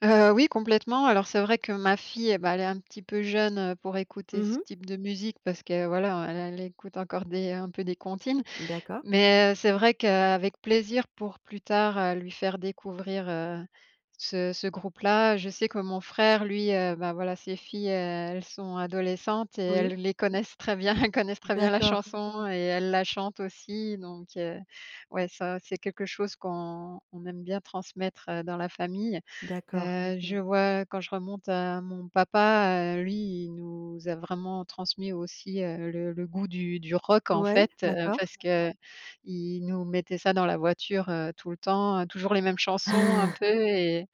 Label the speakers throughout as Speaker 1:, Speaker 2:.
Speaker 1: Heu, oui complètement. Alors, c'est vrai que ma fille, et bah, elle est un petit peu jeune, heu, pour écouter
Speaker 2: Mmh
Speaker 1: ce
Speaker 2: mh.
Speaker 1: type de musique. Parce que, voilà, elle elle écoute encore des un peu des comptines,
Speaker 2: D'accord.
Speaker 1: mais, heu, c'est vrai qu'avec plaisir pour plus tard, heu, lui faire découvrir, heu, ce ce groupe-là. Je sais que mon frère lui, heu, bah, voilà, ses filles elles sont adolescentes, et
Speaker 2: Oui.
Speaker 1: elles les connaissent très bien, elles connaissent très bien la
Speaker 2: D'accord.
Speaker 1: chanson et elles la chantent aussi, donc, heu, ouais, ça, c'est quelque chose qu'on on aime bien transmettre, heu, dans la famille.
Speaker 2: D'accord.
Speaker 1: Heu, je vois, quand je remonte à mon papa, heu, lui, il nous a vraiment transmis aussi, heu, le le goût du du rock en
Speaker 2: Ouais?
Speaker 1: fait, heu,
Speaker 2: D'accord.
Speaker 1: parce que, heu, il nous mettait ça dans la voiture, heu, tout le temps. Heu, toujours les mêmes chansons un peu et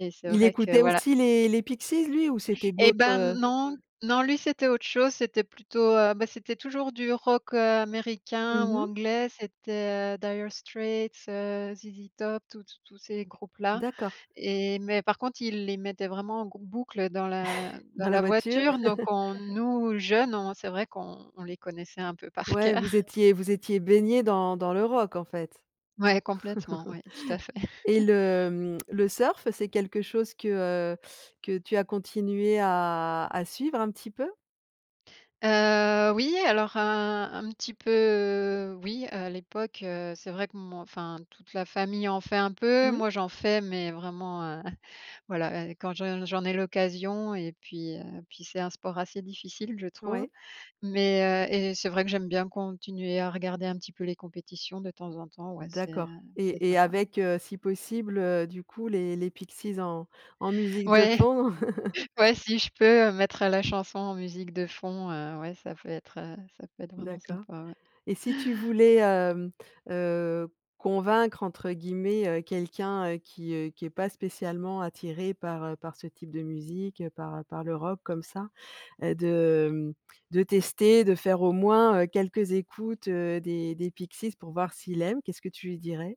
Speaker 1: et c'est
Speaker 2: Il
Speaker 1: vrai que,
Speaker 2: écoutait
Speaker 1: voilà.
Speaker 2: aussi les les Pixies, lui? Ou c'était
Speaker 1: Et,
Speaker 2: d'autres,
Speaker 1: ben,
Speaker 2: heu
Speaker 1: non, non, lui, c'était autre chose, c'était plutôt, heu, bah, c'était toujours du rock, heu, Américain
Speaker 2: Mmh
Speaker 1: ou
Speaker 2: mh.
Speaker 1: Anglais. C'était heu, Dire Straits, heu, ZZ Top, tous tous tous ces groupes-là.
Speaker 2: D'accord.
Speaker 1: Et, mais par contre, il les mettait vraiment en grou boucle dans la dans
Speaker 2: Dans la
Speaker 1: la
Speaker 2: voiture?
Speaker 1: voiture. Donc on nous jeunes, on c'est vrai qu'on on les connaissait un peu par
Speaker 2: Ouais,
Speaker 1: coeur.
Speaker 2: vous étiez vous étiez baignés dans dans le rock, en fait.
Speaker 1: Ouais complètement, ouais tout à fait.
Speaker 2: Et le, mmh, le surf, c'est quelque chose que, heu, que tu as continué à à suivre, un petit peu?
Speaker 1: Heu, oui, alors un un petit peu oui, heu, à l'époque, heu, c'est vrai que mon enfin, toute la famille en fait un peu,
Speaker 2: Mmh.
Speaker 1: moi j'en fais, mais vraiment, heu, voilà, heu, quand je j'en ai l'occasion et puis, heu, puis c'est un sport assez difficile, je trouve.
Speaker 2: Ouais.
Speaker 1: Mais, heu et c'est vrai que j'aime bien continuer à regarder un petit peu les compétitions, de temps en temps, ouais c'est, heu,
Speaker 2: D'accord
Speaker 1: c'est
Speaker 2: et et
Speaker 1: sympa.
Speaker 2: avec, heu, si possible, du coup, les les Pixies en en musique de
Speaker 1: Ouais!
Speaker 2: fond.
Speaker 1: Ouais, si je peux, heu, mettre la chanson en musique de fond, heu, ouais, ça peut être, heu ça peut être vraiment
Speaker 2: D'accord.
Speaker 1: sympa, ouais.
Speaker 2: Et si tu voulais, hem, heu, «convaincre», entre guillemets, heu, quelqu'un, heu, qui, heu, qui est pas spécialement attiré par, heu, par ce type de musique, par, heu, par le rock, comme ça, heu, de, hem, de tester, de faire au moins, heu quelques écoutes, heu, des des Pixies, pour voir s'il aime, qu'est-ce que tu lui dirais?